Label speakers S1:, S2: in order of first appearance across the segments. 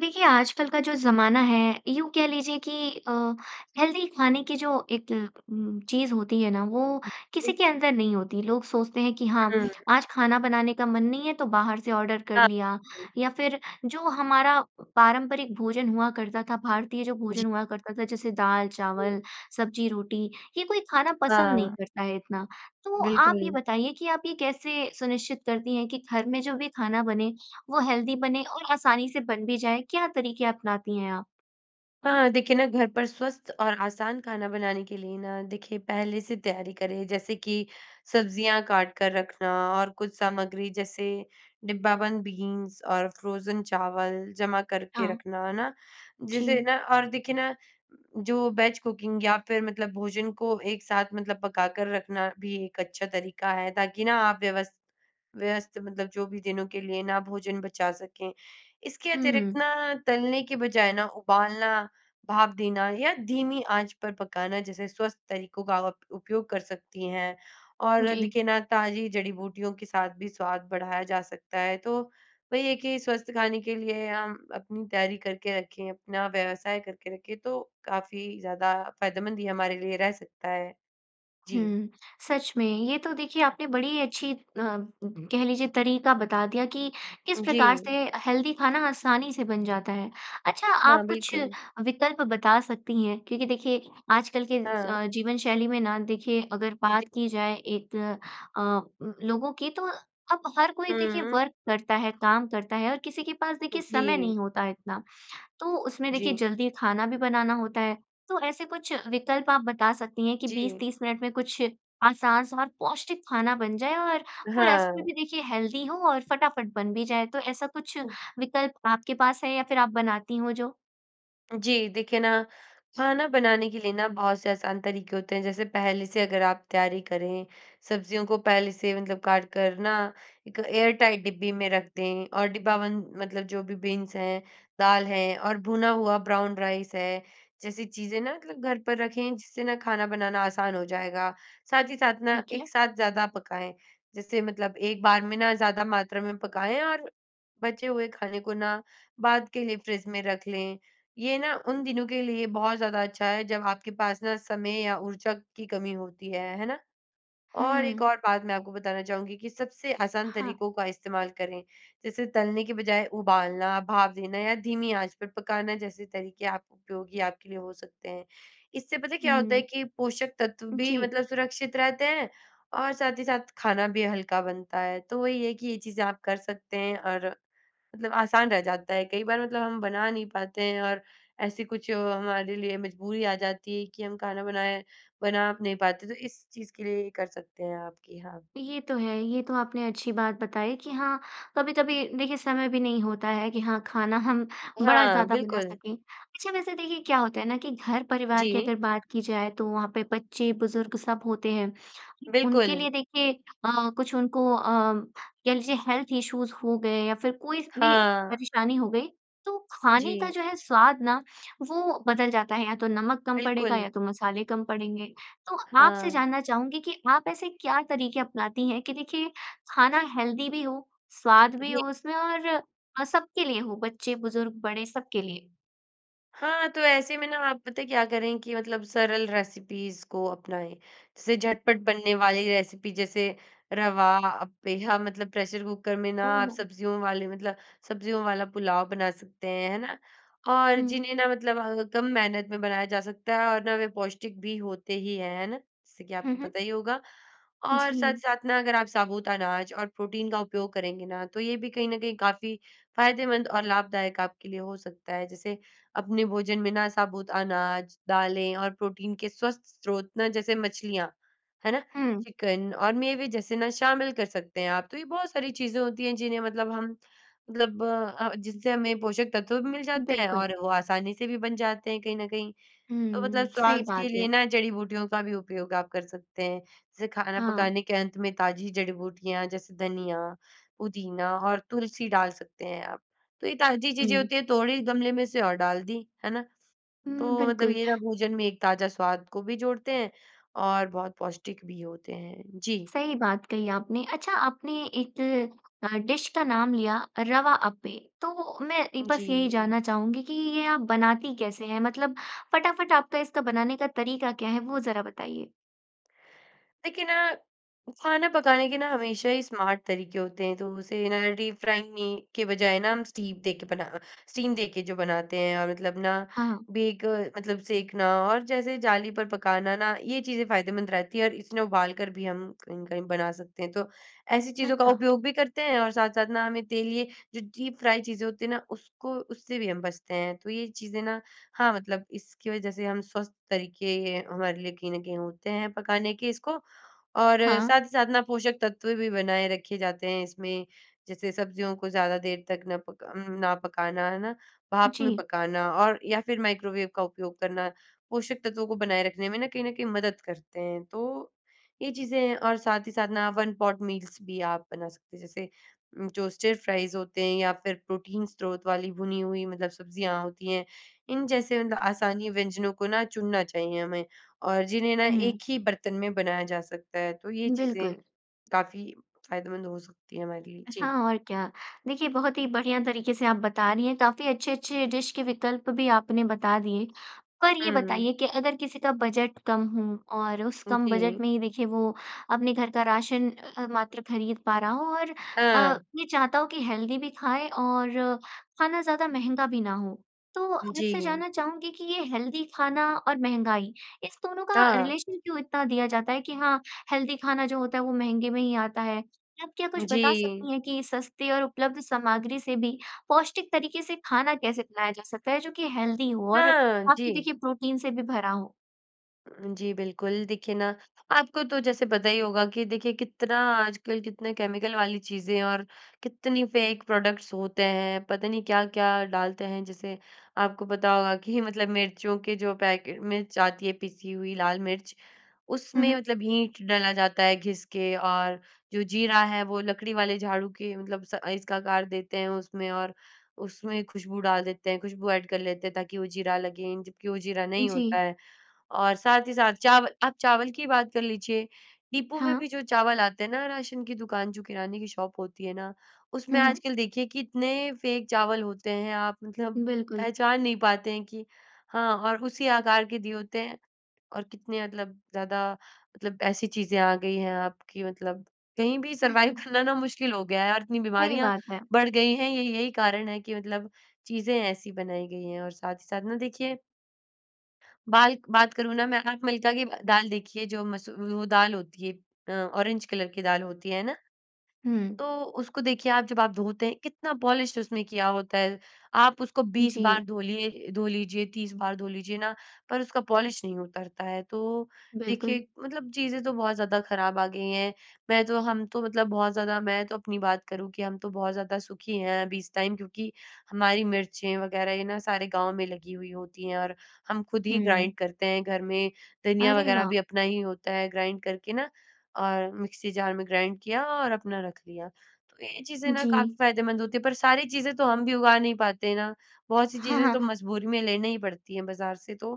S1: देखिए, आजकल का जो ज़माना है, यूँ कह लीजिए कि अ, हेल्दी खाने की जो एक उम, चीज़ होती है ना, वो
S2: उ,
S1: किसी
S2: जी।
S1: के अंदर नहीं होती। लोग सोचते हैं कि हाँ,
S2: उ, हुँ।
S1: आज खाना बनाने का मन नहीं है, तो बाहर से ऑर्डर कर लिया,
S2: [unintelligible]
S1: या फिर जो हमारा पारंपरिक भोजन हुआ करता था, भारतीय, जो
S2: जी।
S1: भोजन हुआ करता था, जैसे दाल,
S2: हुँ।
S1: चावल, सब्ज़ी, रोटी, ये कोई खाना पसंद नहीं
S2: हाँ।
S1: करता है इतना। तो आप ये
S2: बिल्कुल।
S1: बताइए कि आप ये कैसे सुनिश्चित करती हैं कि घर में जो भी खाना बने, वो हेल्दी बने और आसानी से बन भी जाए? क्या तरीके अपनाती हैं आप?
S2: हाँ, देखिए ना, घर पर स्वस्थ और आसान खाना बनाने के लिए ना, देखिए पहले से तैयारी करें। जैसे कि सब्ज़ियाँ काट कर रखना और कुछ सामग्री, जैसे डिब्बाबंद बीन्स और फ्रोज़न चावल जमा करके
S1: हाँ
S2: रखना, है ना? जिसे
S1: जी।
S2: ना और देखिए ना, जो वेज कुकिंग या फिर मतलब भोजन को एक साथ मतलब पका कर रखना भी एक अच्छा तरीका है, ताकि ना, आप व्यवस व्यवस्थ मतलब जो भी दिनों के लिए ना, भोजन बचा सकें। इसके अतिरिक्त
S1: हुँ।
S2: ना, तलने के बजाय ना, उबालना, भाप देना या धीमी आँच पर पकाना जैसे स्वस्थ तरीकों का आप उपयोग कर सकती हैं और
S1: जी।
S2: देखिए ना, ताज़ी जड़ी-बूटियों के साथ भी स्वाद बढ़ाया जा सकता है। तो वही है कि स्वस्थ खाने के लिए हम अपनी तैयारी करके रखें, अपना व्यवसाय करके रखें, तो काफ़ी ज़्यादा फ़ायदेमंद ही हमारे लिए रह सकता है। जी।
S1: हुँ, सच में। ये तो देखिए, आपने बड़ी अच्छी अ, कह लीजिए, तरीका बता दिया कि किस
S2: उ,
S1: प्रकार
S2: जी।
S1: से अ, हेल्दी खाना आसानी से बन जाता है। अच्छा,
S2: हाँ,
S1: आप कुछ
S2: बिलकुल।
S1: विकल्प बता सकती हैं? क्योंकि देखिए, आजकल के
S2: हाँ।
S1: अ, जीवन शैली में ना, देखिए, अगर
S2: जी।
S1: बात की जाए एक अ, लोगों की, तो अब हर कोई, देखिए,
S2: हुँ।
S1: वर्क करता है, काम करता है और किसी के पास, देखिए, समय नहीं
S2: जी।
S1: होता इतना। तो उसमें, देखिए,
S2: जी।
S1: जल्दी खाना भी बनाना होता है। तो ऐसे कुछ विकल्प आप बता सकती हैं कि बीस
S2: जी।
S1: तीस मिनट में कुछ आसान और पौष्टिक खाना बन जाए और वो रस में
S2: हाँ।
S1: भी, देखिए, हेल्दी हो और फटाफट बन भी जाए? तो ऐसा कुछ
S2: ओह!
S1: विकल्प आपके पास है या फिर आप बनाती हों, जो?
S2: जी, देखिए ना, खाना बनाने के लिए ना, बहुत से आसान तरीके होते हैं। जैसे पहले से अगर आप तैयारी करें, सब्ज़ियों को पहले से मतलब काट कर ना, एक एयर-टाइट डिब्बी में रख दें और डिब्बाबंद, मतलब जो भी बीन्स हैं, दाल हैं और भुना हुआ ब्राउन राइस है, जैसी चीज़ें ना, मतलब घर पर रखें, जिससे ना खाना बनाना आसान हो जाएगा। साथ ही साथ ना,
S1: ठीक है।
S2: एक साथ ज़्यादा पकाएँ। जैसे मतलब एक बार में ना, ज़्यादा मात्रा में पकाएँ और बचे हुए खाने को ना, बाद के लिए फ्रिज में रख लें। ये ना उन दिनों के लिए बहुत ज़्यादा अच्छा है, जब आपके पास ना समय या ऊर्जा की कमी होती है, है ना? और एक
S1: हुँ।
S2: और बात मैं आपको बताना चाहूँगी कि सबसे आसान
S1: हाँ।
S2: तरीकों का इस्तेमाल करें। जैसे, तलने की बजाय उबालना, भाप देना या धीमी आँच पर पकाना जैसे तरीके आप उपयोगी आपके लिए हो सकते हैं। इससे पता है क्या होता है
S1: हुँ।
S2: कि पोषक तत्व भी,
S1: जी।
S2: मतलब सुरक्षित रहते हैं और साथ ही साथ खाना भी हल्का बनता है। तो वही है कि ये चीज़ें आप कर सकते हैं और मतलब आसान रह जाता है। कई बार, मतलब हम बना नहीं पाते हैं और ऐसे कुछ हमारे लिए मजबूरी आ जाती है कि हम खाना बनाए बना नहीं पाते। तो इस चीज़ के लिए ये कर सकते हैं आप कि हाँ।
S1: ये तो है, ये तो आपने अच्छी बात बताई कि हाँ, कभी-कभी, देखिए, समय भी नहीं होता है कि हाँ, खाना हम बड़ा
S2: हाँ,
S1: ज़्यादा बना
S2: बिलकुल।
S1: सकें। अच्छा, वैसे देखिए, क्या होता है ना कि घर-परिवार की
S2: जी।
S1: अगर बात की जाए, तो वहाँ पे बच्चे, बुज़ुर्ग सब होते हैं। उनके
S2: बिलकुल।
S1: लिए, देखिए अ, कुछ उनको अ, कह लीजिए, हेल्थ इश्यूज़ हो गए या फिर कोई भी
S2: हाँ।
S1: परेशानी हो गई, तो खाने का
S2: जी।
S1: जो है, स्वाद ना, वो बदल जाता है, या तो नमक कम पड़ेगा,
S2: बिलकुल।
S1: या तो मसाले कम पड़ेंगे। तो आपसे
S2: हाँ।
S1: जानना चाहूँगी कि आप ऐसे क्या तरीके अपनाती हैं कि देखिए, खाना हेल्दी भी हो, स्वाद भी
S2: [unintelligible]
S1: हो उसमें और अ, सबके लिए हो, बच्चे, बुज़ुर्ग, बड़े, सबके लिए?
S2: हाँ, तो ऐसे में ना, आप पता है क्या करें कि मतलब सरल रेसिपीज़ को अपनाएँ। जैसे झटपट बनने वाली रेसिपी जैसे रवा अप्पे, हाँ, मतलब प्रेशर कुकर में ना, आप
S1: ओहो!
S2: सब्ज़ियों वाले मतलब सब्ज़ियों वाला पुलाव बना सकते हैं, है ना? और
S1: हुँ।
S2: जिन्हें ना, मतलब कम मेहनत में बनाया जा सकता है और ना, वे पौष्टिक भी होते ही हैं। है ना? जैसे कि
S1: हुँ,
S2: आपको
S1: हुँ।
S2: पता ही होगा। और
S1: जी।
S2: साथ-साथ ना, अगर आप साबूत अनाज और प्रोटीन का उपयोग करेंगे ना, तो ये भी कहीं न कहीं काफ़ी फ़ायदेमंद और लाभदायक आपके लिए हो सकता है। जैसे अपने भोजन में ना, साबूत अनाज, दालें और प्रोटीन के स्वस्थ स्रोत ना, जैसे मछलियाँ, है ना?
S1: हुँ।
S2: चिकन और मेवे जैसे ना, शामिल कर सकते हैं आप। तो ये बहुत सारी चीज़ें होती हैं, जिन्हें मतलब हम मतलब अ, जिनसे हमें पोषक तत्व भी मिल जाते हैं
S1: बिल्कुल।
S2: और वो आसानी से भी बन जाते हैं, कहीं न कहीं।
S1: हुँ,
S2: तो मतलब
S1: हुँ। सही
S2: स्वाद के
S1: बात
S2: लिए
S1: है।
S2: ना, जड़ी-बूटियों का भी उपयोग आप कर सकते हैं। जैसे खाना
S1: हाँ।
S2: पकाने के अंत में ताज़ी जड़ी-बूटियाँ जैसे धनिया, पुदीना, और तुलसी डाल सकते हैं आप। तो ये ताज़ी चीज़ें
S1: हुँ।
S2: होती हैं, तोड़ी गमले में से और डाल दी। है ना?
S1: हुँ,
S2: तो मतलब
S1: बिल्कुल।
S2: ये ना, भोजन में एक ताज़ा स्वाद को भी जोड़ते हैं और बहुत पौष्टिक भी होते हैं। जी।
S1: सही बात कही आपने। अच्छा, आपने एक अ, डिश का नाम लिया अ, रवा अप्पे। तो मैं
S2: उ,
S1: एक
S2: जी।
S1: बस यही जानना चाहूँगी कि ये आप बनाती कैसे हैं? मतलब, फटाफट आपका इसका बनाने का तरीका क्या है, वो ज़रा बताइए।
S2: देखिए ना, खाना पकाने के ना, हमेशा ही स्मार्ट तरीके होते हैं। तो उसे ना, डीप फ्राइंग मी के बजाए ना, हम स्टीम दे के बना स्टीम देके जो बनाते हैं और मतलब ना,
S1: हाँ।
S2: बेक मतलब सेकना और जैसे जाली पर पकाना ना, ये चीज़ें फ़ायदेमंद रहती हैं और इसमें उबाल कर भी हम कहीं-कहीं बना सकते हैं। तो ऐसी चीज़ों का
S1: अच्छा।
S2: उपयोग भी करते हैं और साथ-साथ ना, हमें तेल ये जो डीप फ्राय चीज़ें होती हैं ना, उसको उससे भी हम बचते हैं। तो ये चीज़ें ना हाँ, मतलब इसकी वजह से हम स्वस्थ तरीके हमारे लिए कहीं न कहीं होते हैं पकाने के इसको और
S1: हाँ।
S2: साथ ही साथ ना, पोषक तत्व भी बनाए रखे जाते हैं इसमें। जैसे सब्ज़ियों को ज़्यादा देर तक ना पका अम, ना पकाना, है ना? भाप में
S1: जी।
S2: पकाना और या फिर माइक्रोवेव का उपयोग करना, पोषक तत्वों को बनाए रखने में ना, कहीं न कहीं मदद करते हैं। तो ये चीज़ें हैं। और साथ ही साथ ना, वन पॉट मील्स भी आप बना सकते हैं। जैसे उम, टोस्टेड फ्राइज़ होते हैं या फिर प्रोटीन स्रोत वाली भुनी हुई, मतलब सब्ज़ियाँ होती हैं। इन जैसे, मतलब आसानी व्यंजनों को ना चुनना चाहिए हमें और जिन्हें ना,
S1: हुँ।
S2: एक ही बर्तन में बनाया जा सकता है। तो ये चीज़ें
S1: बिल्कुल।
S2: काफ़ी फ़ायदेमंद हो सकती हैं हमारे लिए। जी।
S1: हाँ, और क्या। देखिए, बहुत ही बढ़िया तरीके से आप बता रही हैं। काफ़ी अच्छे-अच्छे डिश के विकल्प भी आपने बता दिए। पर ये
S2: हुँ।
S1: बताइए कि अगर किसी का बजट कम हो और उस
S2: उ,
S1: कम बजट
S2: जी।
S1: में ही, देखिए, वो अपने घर का राशन अ, मात्र खरीद पा रहा हो और अ,
S2: हाँ।
S1: ये चाहता हो कि हेल्दी भी खाएँ और खाना ज़्यादा महँगा भी ना हो, तो आप से
S2: जी।
S1: जानना चाहूँगी कि ये हेल्दी खाना और महँगाई, इस दोनों का
S2: हाँ।
S1: रिलेशन क्यों इतना दिया जाता है कि हाँ, हेल्दी खाना जो होता है, वो महँगे में ही आता है। आप क्या कुछ बता
S2: जी।
S1: सकती हैं कि सस्ती और उपलब्ध सामग्री से भी पौष्टिक तरीके से खाना कैसे बनाया जा सकता है, जो कि हेल्दी हो और
S2: हाँ,
S1: आपकी,
S2: जी।
S1: देखिए, प्रोटीन से भी भरा हो?
S2: उ, जी, बिल्कुल। देखिए ना, आपको तो जैसे पता ही होगा कि देखिए, कितना आजकल कितने केमिकल वाली चीज़ें हैं और कितनी फ़ेक प्रोडक्ट्स होते हैं, पता नहीं क्या-क्या डालते हैं। जैसे आपको पता होगा कि, मतलब मिर्चियों के जो पैकेट मिर्च आती है, पिसी हुई लाल मिर्च,
S1: हुँ,
S2: उसमें
S1: हुँ।
S2: मतलब हींग डाला जाता है, घिस के और जो जीरा है, वो लकड़ी वाले झाड़ू के मतलब स अ, इसका आकार देते हैं उसमें और उसमें खुशबू डाल देते हैं, खुशबू ऐड कर लेते हैं, ताकि वो जीरा लगे, जबकि वो जीरा नहीं होता
S1: जी।
S2: है। और साथ ही साथ, चाव आप चावल की बात कर लीजिए, डिपो में
S1: हाँ।
S2: भी जो चावल आते हैं ना, राशन की दुकान, जो किराने की शॉप होती है ना, उसमें
S1: हुँ, हुँ।
S2: आजकल, देखिए, कितने फ़ेक चावल होते हैं। आप मतलब
S1: बिल्कुल।
S2: पहचान नहीं पाते हैं कि हाँ और उसी आकार के दिए होते हैं, और कितने मतलब ज़्यादा, मतलब ऐसी चीज़ें आ गई हैं, आप कि मतलब कहीं भी सरवाइव करना ना, मुश्किल हो गया है और इतनी
S1: सही
S2: बीमारियाँ
S1: बात है।
S2: बढ़ गई हैं, ये यही कारण है कि, मतलब चीज़ें ऐसी बनाई गई हैं और साथ ही साथ ना, देखिए बाल्क बात करूँ ना मैं, आप मिल्का की ब दाल देखिए, जो मसू वो दाल होती है अ, ऑरेंज कलर की दाल होती है, है ना?
S1: हुँ।
S2: तो उसको, देखिए, आप जब आप धोते हैं, कितना पॉलिश उसने किया होता है। आप उसको 20
S1: जी।
S2: बार धोलिये धो लीजिए, 30 बार धो लीजिए ना, पर उसका पॉलिश नहीं उतरता है। तो देखिए,
S1: बिल्कुल।
S2: मतलब चीज़ें तो बहुत ज़्यादा खराब आ गई हैं। मैं तो हम तो मतलब बहुत ज़्यादा मैं तो अपनी बात करूँ कि हम तो बहुत ज़्यादा सुखी हैं अभी इस टाइम क्योंकि हमारी मिर्चें वगैरह, ये ना, सारे गाँव में लगी हुई होती हैं और हम खुद ही
S1: हुँ।
S2: ग्राइंड करते हैं घर में। धनिया
S1: अरे,
S2: वगैरह
S1: वाह!
S2: भी अपना ही होता है, ग्राइंड करके ना, अ, और मिक्सी जार में ग्राइंड किया और अपना रख दिया। तो ये चीज़ें ना काफ़ी
S1: जी।
S2: फायदेमंद होती हैं। पर सारी चीज़ें तो हम भी उगा नहीं पाते ना। बहुत-सी
S1: हाँ,
S2: चीज़ें तो
S1: हाँ।
S2: मजबूरी में लेने ही पड़ती हैं बाज़ार से, तो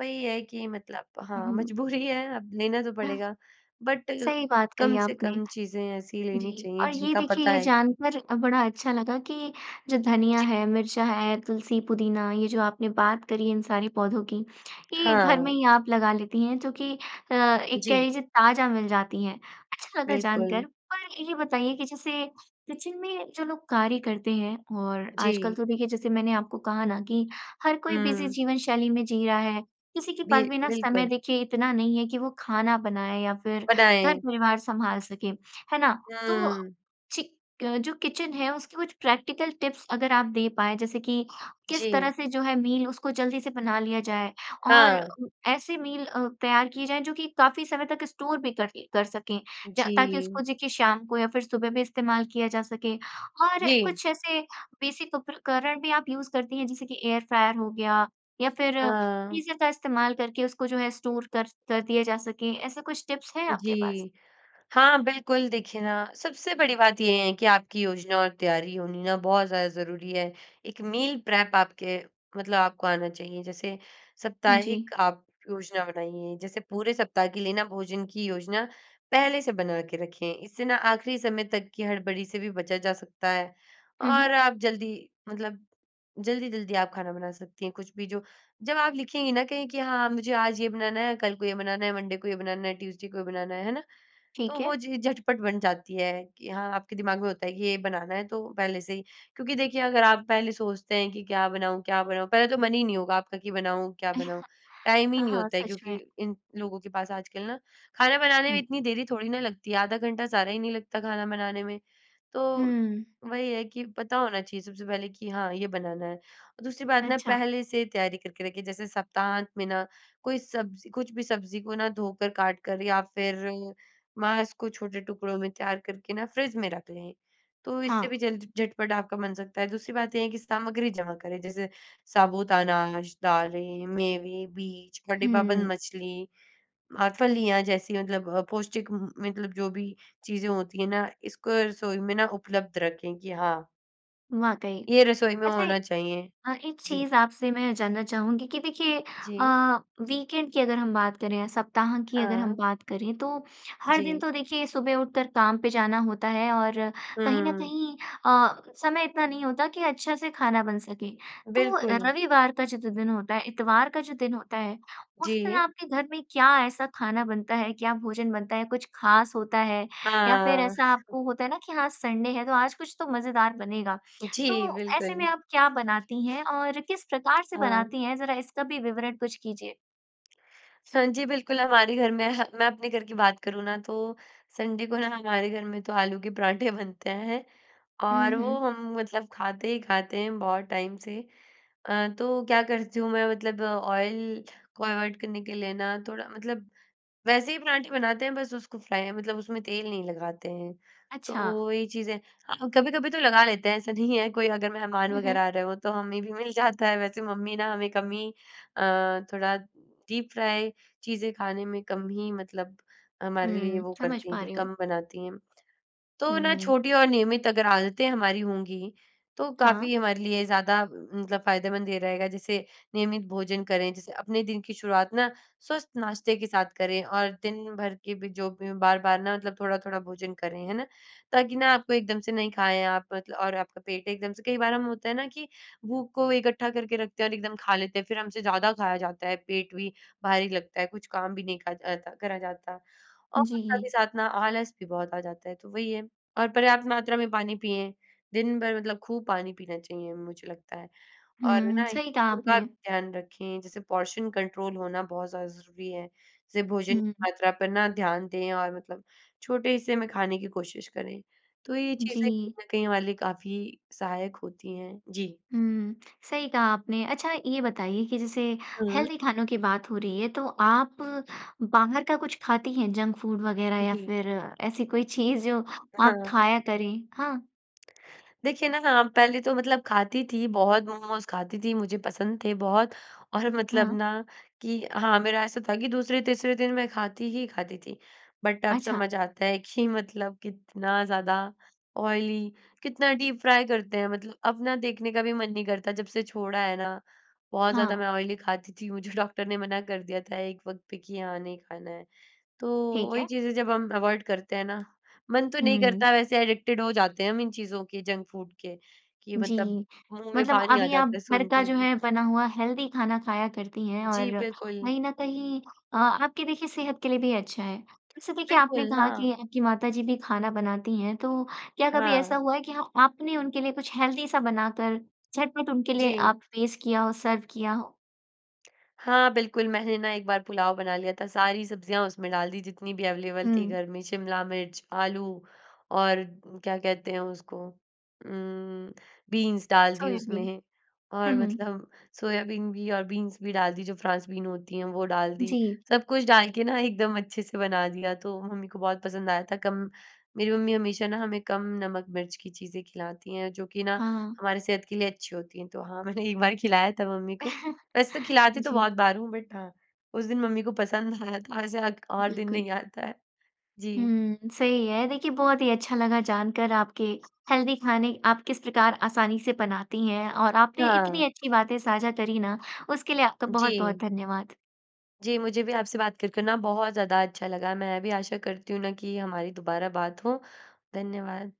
S2: वही है कि मतलब हाँ,
S1: उहुँ।
S2: मजबूरी है अब लेना तो
S1: [unintelligible]
S2: पड़ेगा। बट
S1: सही बात
S2: कम
S1: कही
S2: से
S1: आपने।
S2: कम चीज़ें ऐसी लेनी
S1: जी,
S2: चाहिए,
S1: और ये
S2: जिनका
S1: देखिए,
S2: पता
S1: ये
S2: है कि
S1: जानकर अ, बड़ा अच्छा लगा कि जो धनिया
S2: जी।
S1: है, मिर्चा है, तुलसी, पुदीना, ये जो आपने बात करी है इन सारे पौधों की, ये घर
S2: हाँ।
S1: में ही आप लगा लेती हैं, जो कि अ, एक कह
S2: जी।
S1: लीजिए, ताज़ा मिल जाती हैं। अच्छा लगा
S2: बिल्कुल।
S1: जानकर। पर ये बताइए कि जैसे किचन में जो लोग कार्य करते हैं और आजकल
S2: जी।
S1: तो देखिए, जैसे मैंने आपको कहा ना कि हर कोई बिज़ी
S2: हुँ।
S1: जीवन शैली में जी रहा है, किसी के
S2: बि
S1: पास भी ना समय,
S2: बिल्कुल।
S1: देखिए, इतना नहीं है कि वो खाना बनाए या फिर
S2: बनाएँ।
S1: घर-परिवार संभाल सके। है ना? तो,
S2: हुँ।
S1: चि क जो किचन है, उसकी कुछ प्रैक्टिकल टिप्स अगर आप दे पाएँ, जैसे कि किस
S2: जी।
S1: तरह से जो है, मील उसको जल्दी से बना लिया जाए और
S2: हाँ।
S1: ऐसी मील अ, तैयार की जाए, जो कि काफ़ी समय तक स्टोर भी कर करके कर सकें, ज ताकि
S2: जी।
S1: उसको, देखिए, शाम को या फिर सुबह भी इस्तेमाल किया जा सके। और
S2: जी।
S1: कुछ ऐसे बेसिक उपकरण भी आप यूज़ करती हैं, जैसे कि एयर फ्रायर हो गया, या फिर
S2: हाँ।
S1: फ़्रीज़र का इस्तेमाल करके उसको, जो है, स्टोर कर कर दिया जा सके? ऐसे कुछ टिप्स हैं आपके पास?
S2: जी। हाँ, बिल्कुल, देखिए ना सबसे बड़ी बात ये है कि आपकी योजना और तैयारी होनी ना बहुत ज़्यादा ज़रूरी है। एक मील प्रेप आपके मतलब आपको आना चाहिए। जैसे
S1: जी।
S2: साप्ताहिक आप योजना बनाइए। जैसे पूरे सप्ताह के लिए ना, भोजन की योजना पहले से बना के रखें। इससे ना आख़िरी समय तक की हड़बड़ी से भी बचा जा सकता है,
S1: हुँ,
S2: और
S1: हुँ।
S2: आप जल्दी, मतलब जल्दी-जल्दी आप खाना बना सकती हैं। कुछ भी, जो जब आप लिखेंगी ना कहीं कि हाँ, मुझे आज ये बनाना है, कल को ये बनाना है, मंडे को ये बनाना है, ट्यूज़डे को ये बनाना है। है ना? तो
S1: ठीक है।
S2: वो चीज़ें झटपट बन जाती हैं कि हाँ, आपके दिमाग में होता है कि ये बनाना है, तो पहले से ही। क्योंकि देखिए, अगर आप पहले सोचते हैं कि क्या बनाऊँ क्या बनाऊँ? पहले तो मन ही नहीं होगा आपका कि बनाऊँ, क्या बनाऊँ? टाइम ही
S1: हाँ,
S2: नहीं
S1: हाँ।
S2: होता है
S1: सच
S2: क्योंकि
S1: में।
S2: इन लोगों के पास। आजकल ना, खाना बनाने में
S1: हुँ।
S2: इतनी देरी थोड़ी ना लगती है, आधा घंटा सारा ही नहीं लगता खाना बनाने में। तो
S1: हुँ।
S2: वही है कि पता होना चाहिए सबसे पहले कि हाँ, ये बनाना है। और दूसरी बात ना
S1: अच्छा।
S2: पहले से तैयारी करके रखें। जैसे सप्ताहांत में ना कोई सब्ज़ी कुछ भी सब्ज़ी को ना धोकर, काट कर, या फिर मांस को छोटे टुकड़ों में तैयार करके ना, फ्रिज में रख लें। तो इससे भी
S1: हाँ।
S2: जल्द झटपट आपका बन सकता है। दूसरी बात ये है कि सामग्री जमा करें। जैसे साबूत अनाज, दालें, मेवे, बीज और डिब्बाबंद
S1: हुँ।
S2: मछली और फलियाँ जैसी, मतलब अ, पौष्टिक म म मतलब, जो भी चीज़ें होती हैं ना, इसको रसोई में ना, उपलब्ध रखें कि हाँ
S1: वाकई।
S2: ये रसोई में
S1: अच्छा ए
S2: होना चाहिए।
S1: अ, एक
S2: जी।
S1: चीज़ आपसे मैं जानना चाहूँगी कि देखिए अ,
S2: जी।
S1: वीकेंड की अगर हम बात करें या सप्ताह की अगर हम
S2: हाँ।
S1: बात करें, तो हर दिन
S2: जी।
S1: तो देखिए, सुबह उठकर काम पे जाना होता है और कहीं न
S2: हुँ।
S1: कहीं अ, समय इतना नहीं होता कि अच्छा से खाना बन सके। तो
S2: बिल्कुल।
S1: रविवार का जितना दिन होता है, इतवार का जो दिन होता है, उस दिन
S2: जी।
S1: आपके घर में क्या ऐसा खाना बनता है, क्या भोजन बनता है? कुछ खास होता है? या फिर
S2: हाँ।
S1: ऐसा आपको होता है ना कि हाँ, संडे है, तो आज कुछ तो मज़ेदार बनेगा।
S2: जी,
S1: तो ऐसे में
S2: बिल्कुल।
S1: आप क्या बनाती हैं और किस प्रकार से
S2: हाँ।
S1: बनाती हैं? ज़रा इसका भी विवरण कुछ कीजिए।
S2: स जी। बिल्कुल, हमारे घर में हाँ, मैं अपने घर की बात करूँ ना, तो संडे को ना हमारे घर में तो आलू के पराठे बनते हैं,
S1: हुँ,
S2: और
S1: हुँ।
S2: वो हम, मतलब खाते ही खाते हैं बहुत टाइम से। अ, तो क्या करती हूँ मैं, मतलब ऑयल को अवॉइड करने के लिए ना, थोड़ा मतलब वैसे ही पराठे बनाते हैं, बस उसको फ्राय मतलब उसमें तेल नहीं लगाते हैं।
S1: अच्छा।
S2: तो ये चीजे हाँ, कभी-कभी तो लगा लेते हैं, ऐसा नहीं है। कोई अगर मेहमान
S1: हुँ, हुँ।
S2: वगैरह आ रहे हों, तो हमें भी मिल जाता है। वैसे मम्मी ना, हमें कम ही अ, थोड़ा डीप फ्राय चीज़ें खाने में कम ही, मतलब हमारे लिए
S1: हुँ,
S2: वो
S1: समझ
S2: करती हैं
S1: पा
S2: कि
S1: रही हूँ।
S2: कम बनाती हैं। तो
S1: हुँ,
S2: ना,
S1: हुँ।
S2: छोटी और नियमित अगर आदतें हमारी होंगी, तो
S1: हाँ।
S2: काफ़ी हमारे लिए ज़्यादा अ, मतलब फायदेमंद ये रहेगा। जैसे नियमित भोजन करें, जैसे अपने दिन की शुरुआत ना, स्वस्थ नाश्ते के साथ करें और दिन भर के भी जो भी हों, बार-बार ना, मतलब थोड़ा-थोड़ा भोजन करें, है ना? ताकि ना, आपको एकदम से नहीं खाएँ आप, मतल और आपका पेट एकदम से कई बार हम, होता है ना कि भूख को इकट्ठा करके रखते हैं और एकदम खा लेते हैं, फिर हमसे ज़्यादा खाया जाता है। पेट भी भारी लगता है, कुछ काम भी नहीं करत अता करा जाता, और साथ ही
S1: जी।
S2: साथ ना, आलस भी बहुत आ जाता है। तो वही है। और पर्याप्त मात्रा में पानी पिएँ, दिन भर मतलब खूब पानी पीना चाहिए, मुझे लगता है और
S1: हुँ,
S2: ना,
S1: सही
S2: [unintelligible]
S1: कहा
S2: भी
S1: आपने।
S2: ध्यान रखें। जैसे पोर्शन कंट्रोल होना बहुत ज़्यादा ज़रूरी है। जैसे भोजन की
S1: हुँ।
S2: मात्रा पर ना, ध्यान दें और मतलब छोटे हिस्से में खाने की कोशिश करें। तो ये चीज़ें
S1: जी।
S2: कहीं न कहीं, ये वाली काफ़ी सहायक होती हैं। जी।
S1: हुँ, सही कहा आपने। अच्छा, ये बताइए कि जैसे
S2: हुँ।
S1: हेल्दी खानों की बात हो रही है, तो आप बाहर का कुछ खाती हैं, जंक फ़ूड वगैरह या
S2: जी।
S1: फिर ऐसी कोई चीज़, जो आप
S2: हाँ।
S1: खाया करें? हाँ।
S2: देखिए ना, हाँ, पहले तो मतलब खाती थी, बहुत मोमोस खाती थी। मुझे पसंद थे बहुत और मतलब
S1: हाँ।
S2: ना कि हाँ, मेरा ऐसा था कि दूसरे–तीसरे दिन मैं खाती ही खाती थी। बट अब
S1: अच्छा।
S2: समझ आता है कि मतलब, कितना ज़्यादा ऑयली कितना डीप फ्राय करते हैं। मतलब अब ना, देखने का भी मन नहीं करता, जब से छोड़ा है ना। बहुत ज़्यादा
S1: हाँ।
S2: मैं ऑयली खाती थी, मुझे डॉक्टर ने मना कर दिया था एक वक़्त पे कि हाँ, नहीं खाना है। तो
S1: ठीक
S2: वही
S1: है।
S2: चीज़ है, जब हम अवॉइड करते हैं ना, मन तो नहीं
S1: हुँ।
S2: करता वैसे, एडिक्टेड हो जाते हैं हम इन चीज़ों के, जंक फ़ूड के, कि मतलब
S1: जी।
S2: मुँह में
S1: मतलब
S2: पानी आ
S1: अभी आप
S2: जाता है,
S1: घर
S2: सुन
S1: का
S2: के
S1: जो
S2: भी।
S1: है, बना हुआ हेल्दी खाना खाया करती हैं
S2: जी,
S1: और
S2: बिल्कुल।
S1: कहीं न कहीं अ, आपकी, देखिए, सेहत के लिए भी अच्छा है। वैसे देखिए, आपने
S2: बिलकुल,
S1: कहा कि
S2: हाँ।
S1: आपकी माता जी भी खाना बनाती हैं, तो क्या कभी ऐसा
S2: हाँ।
S1: हुआ है कि हाँ, आपने उनके लिए कुछ हेल्दी सा बनाकर, झटपट उनके लिए
S2: जी।
S1: आप पेश किया हो, सर्व किया हो?
S2: हाँ, बिल्कुल, मैंने ना एक बार पुलाव बना लिया था। सारी सब्ज़ियाँ उसमें डाल दी, जितनी भी अवेलेबल थी
S1: हुँ।
S2: घर में। शिमला मिर्च, आलू, और क्या कहते हैं उसको उम, बीन्स डाल दी
S1: सोयाबीन।
S2: उसमें
S1: हुँ,
S2: और
S1: हुँ।
S2: मतलब सोयाबीन भी और बीन्स भी डाल दी, जो फ्रांस बीन होती हैं, वो डाल दी।
S1: जी।
S2: सब कुछ डाल के ना, एकदम अच्छे से बना दिया, तो मम्मी को बहुत पसंद आया था। कम मेरी मम्मी हमेशा ना, हमें कम नमक-मिर्च की चीज़ें खिलाती हैं, जो कि ना,
S1: हाँ।
S2: हमारी सेहत के लिए अच्छी होती हैं। तो हाँ, मैंने एक बार खिलाया था मम्मी को। वैसे तो खिलाती तो
S1: जी।
S2: बहुत बार हूँ, बट हाँ, उस दिन मम्मी को पसंद आया था, ऐसे अक और दिन
S1: बिल्कुल।
S2: नहीं आता है। जी।
S1: हुँ, सही है। देखिए, बहुत ही अच्छा लगा जानकर आपके हेल्दी खाने, आप किस प्रकार आसानी से बनाती हैं और आपने इतनी
S2: हाँ।
S1: अच्छी बातें साझा करी ना, उसके लिए आपका बहुत-बहुत
S2: जी।
S1: धन्यवाद।
S2: जी, मुझे भी आपसे बात करके ना, बहुत ज़्यादा अच्छा लगा। मैं भी आशा करती हूँ ना कि हमारी दोबारा बात हो। धन्यवाद।